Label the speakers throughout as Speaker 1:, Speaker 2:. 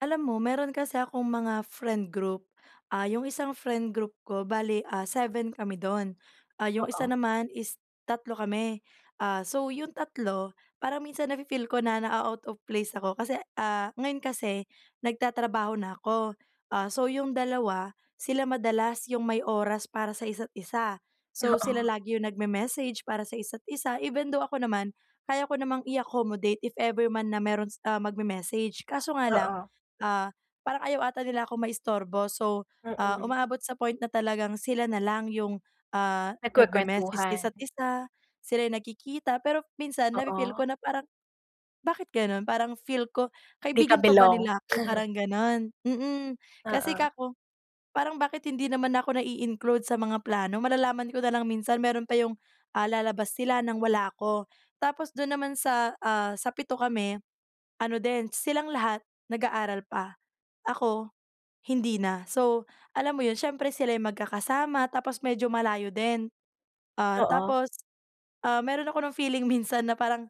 Speaker 1: Alam mo, meron kasi akong mga friend group. Ah, yung isang friend group ko, bale ah, 7 kami do'n. Ah, yung isa
Speaker 2: Oo.
Speaker 1: naman, is 3 kami. Ah, so yung 3, parang minsan nafe-feel ko na naa-out of place ako kasi, ah, ngayon kasi nagtatrabaho na ako. Ah, so yung dalawa, sila madalas yung may oras para sa isa't isa. So, sila
Speaker 2: Oo.
Speaker 1: lagi yung nagme-message para sa isa't isa, even though ako naman, kaya ko namang i-accommodate if ever man na meron, ah, magme-message. Kaso nga lang,
Speaker 2: Oo.
Speaker 1: ah, parang ayaw ata nila ako maistorbo, so, ah,
Speaker 2: Mm.
Speaker 1: umaabot sa point na talagang sila na lang yung, ah, nagme-message
Speaker 2: Nagkuwekuwentuhan.
Speaker 1: isa't isa, sila'y nagkikita. Pero minsan nafe-feel ko
Speaker 2: Oo.
Speaker 1: na parang, "Bakit gano'n?" Parang feel ko,
Speaker 2: Di ka
Speaker 1: "Kaibigan pa ba
Speaker 2: belong.
Speaker 1: nila ako?" Parang ganun mm. Kasi
Speaker 2: Oo.
Speaker 1: kako parang, "Bakit hindi naman ako nai-include sa mga plano." Malalaman ko na lang minsan, meron pa yung, ah, lalabas sila ng wala ako. Tapos dun naman sa, ah, sa 7 kami, ano din silang lahat nag-aaral pa, ako hindi na. So, alam mo 'yon, siyempre sila'y magkakasama, tapos medyo malayo din. Ah,
Speaker 2: Oo.
Speaker 1: tapos, ah, meron ako ng feeling minsan na parang,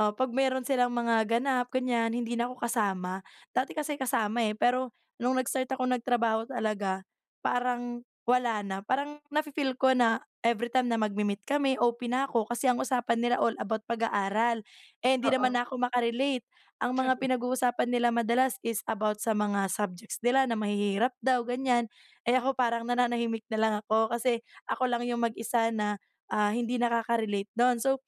Speaker 1: ah, pag meron silang mga ganap, ganyan, hindi na ko kasama. Dati kasi kasama, eh, pero nung nag-start akong nagtrabaho talaga, parang wala na. Parang nafe-feel ko na every time na magmi-meet kami, OP na ako kasi ang usapan nila all about pag-aaral. Eh, hindi naman
Speaker 2: Oo.
Speaker 1: ako maka-relate. Ang mga pinag-uusapan nila madalas is about sa mga subjects nila na mahihirap daw, gan'yan. Eh, ako, parang nananahimik na lang ako kasi ako lang yung mag-isa na, ah, hindi nakaka-relate do'n. So,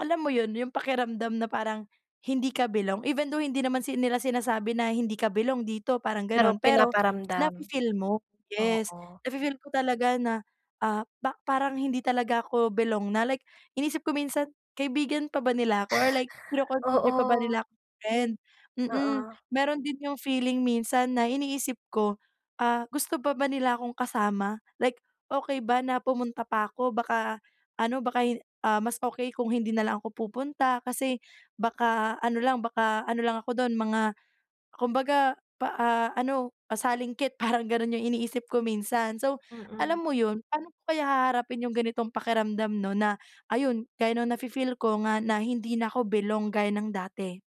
Speaker 1: alam mo, yun yung pakiramdam na parang hindi ka belong, even though hindi naman sil nila sinasabi na hindi ka belong dito, parang
Speaker 2: Pero
Speaker 1: ganon, pero
Speaker 2: pinaparamdam,
Speaker 1: nafe-feel mo, yes,
Speaker 2: oo.
Speaker 1: nafe-feel ko talaga na, ah, ba parang hindi talaga ako belong na like, inisip ko minsan, "Kaibigan pa ba nila ako, or like kino-consider pa ba
Speaker 2: Oo.
Speaker 1: nila akong friend," mm.
Speaker 2: Oo.
Speaker 1: Meron din yung feeling minsan na iniisip ko, "Ah, gusto pa ba nila akong kasama?" Like, "Okey ba na pumunta pa ko, baka ano baka hi ah, mas okey kung hindi na lang ako pupunta, kasi baka ano lang, baka ano lang ako dun mga kumbaga, pa ah, ano, pasalingkit," parang ganun yung iniisip ko minsan. So,
Speaker 2: Mm.
Speaker 1: alam mo 'yun, paano ko kaya haharapin yung ganitong pakiramdam 'no, na ayun, gaya nung nafe-feel ko nga na hindi na ko belong gaya ng dati.